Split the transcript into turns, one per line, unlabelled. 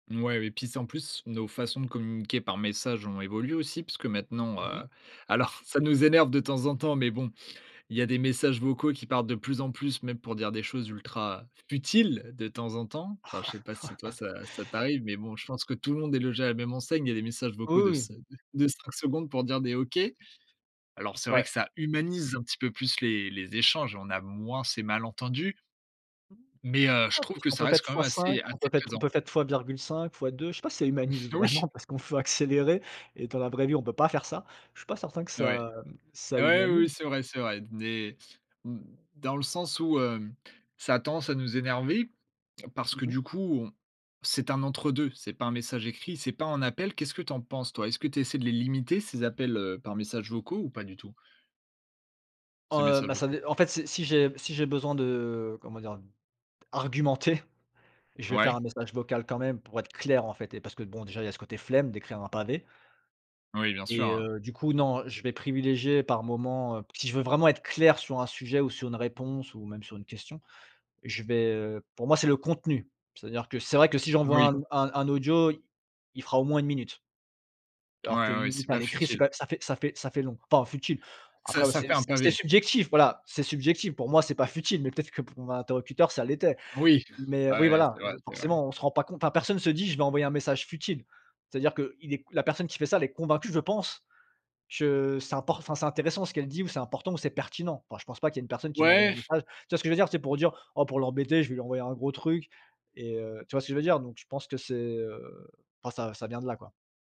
Mouais et puis, c'est en plus, nos façons de communiquer par messages ont évolué aussi. Puisque maintenant,
Mmh
heu,
mh.
alors, c ça nous énerve de temps en temps. Mais, bon, il y a des messages vocaux qui partent de plus en plus, même pour dire des choses ultra futiles de temps en temps. Enfin, je sais pas si toi ça ça t'arrive, mais, bon, je pense que tout le monde est logé à la même enseigne. Il y a des messages
Oh
vocaux
oui,
de
oui!
5 de 5 secondes pour dire des OK. Alors, c'est vrai
Ouais.
que ça humanise un petit peu plus les les échanges. On a moins ces malentendus mais, heu, je
Ouais,
trouve que
puisqu'on
ça
peut
reste
faite
quand même
fois
assez
5, on
assez
peut faite on
présent.
peut faite fois virgule 5, fois 2. Je sais pas si ça humanise
Oui!
vraiment parce qu'on peut accélérer et dans la vraie vie on peut pas faire ça. Je suis pas certain que
Ouais.
ça, mmh, ça
Ah ouais, oui,
humanise.
oui. C'est vrai, c'est vrai. Des, mmh, dans le sens où, hem, ça a tendance à nous énerver. Parce
Mmh
que,
mh.
du coup, on c'est un entre 2. C'est pas un message écrit, c'est pas un appel. Qu'est-ce que tu en penses toi? Est-ce que tu essaies de les limiter ces appels, heu, par messages vocaux ou pas du tout?
Oh,
Ces
heu,
messages
bah, ça
vocaux.
dé en fait si, si j'ai si j'ai besoin de, heu, comment dire, d'argumenter, je vais faire un
Ouais.
message vocal quand même pour être clair, en fait et parce que, bon, déjà, il y a ce côté flemme d'écrire un pavé
Oui. Bien sûr,
et
heu
heu, du coup, non, je vais privilégier par moment heu, si je veux vraiment être clair sur un sujet ou sur une réponse ou même sur une question, je vais heu, pour moi, c'est le contenu. C'est-à-dire que, c'est vrai que si j'envoie un
Oui.
un un audio, il il fera au moins 1 minute alors
Ouais,
qu'1
ouais. C'est
minute à
pas
l'écrit, c'est
futile.
pas ça fait ça fait ça fait long enfin futile.
Ça
Après, bah,
ça
c'est
fait un
c'est
pavé.
subjectif voilà, c'est subjectif. Pour moi, c'est pas futile, mais, peut-être, que pour mon interlocuteur, ça l'était.
Oui.
Mais,
Ouais,
oui,
ouais.
voilà,
C'est vrai,
je
c'est vrai.
forcément on se rend pas compte, hein. Personne se dit: «Je vais envoyer un message futile». C'est-à-dire qu'il est la personne qui fait ça, elle est convaincue, je pense, que, c'est import enfin, c'est intéressant ce qu'elle dit ou c'est important ou c'est pertinent. Enfin, je pense pas qu'il y ait une personne qui m'envoie un
Ouais!
message. Tu vois que je veux dire? Tu sais, pour dire: «Oh pour l'embêter, je vais lui envoyer un gros truc» et heu, tu vois ce que je veux dire? Donc, je pense que c'est, heu, enfin, ça ça vient de là, quoi.